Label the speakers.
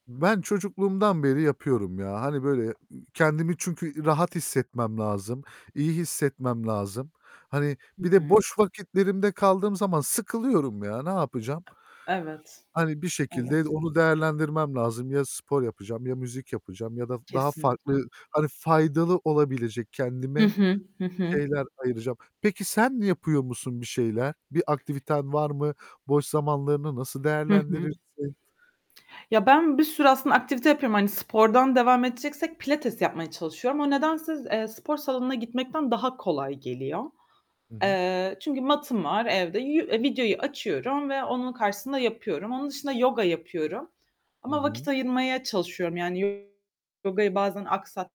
Speaker 1: Ben çocukluğumdan beri yapıyorum ya! Hani böyle, iii, kendimi çünkü i rahat hissetmem lazım, iyi hissetmem lazım. Hani
Speaker 2: Hı
Speaker 1: bir de
Speaker 2: hı.
Speaker 1: boş vakitlerimde kaldığım zaman sıkılıyorum ya! Ne yapacağım?
Speaker 2: Evet.
Speaker 1: Hani bir şekilde
Speaker 2: Evet.
Speaker 1: onu değerlendirmem lazım. Ya, spor yapacağım, ya müzik yapacağım ya da daha
Speaker 2: Kesinlikle.
Speaker 1: farklı, hani faydalı olabilecek
Speaker 2: Hı
Speaker 1: kendime
Speaker 2: hı. Hı hı.
Speaker 1: şeyler ayıracağım. Peki sen yapıyor musun bir şeyler? Bir aktiviten var mı? Boş zamanlarını nasıl
Speaker 2: Hı hı.
Speaker 1: değerlendirirsin?
Speaker 2: Ya, ben bir sürü aslında aktivite yapıyorum. Hani spordan devam edeceksek pilates yapmaya çalışıyorum. O nedense z eee, spor salonuna gitmekten daha kolay geliyor.
Speaker 1: Hı hı.
Speaker 2: Eee, çünkü matım var evde. Yü e videoyu açıyorum ve onun karşısında yapıyorum. Onun dışında yoga yapıyorum
Speaker 1: Hı
Speaker 2: ama vakit
Speaker 1: hı.
Speaker 2: ayırmaya çalışıyorum. Yani yogayı bazen aksat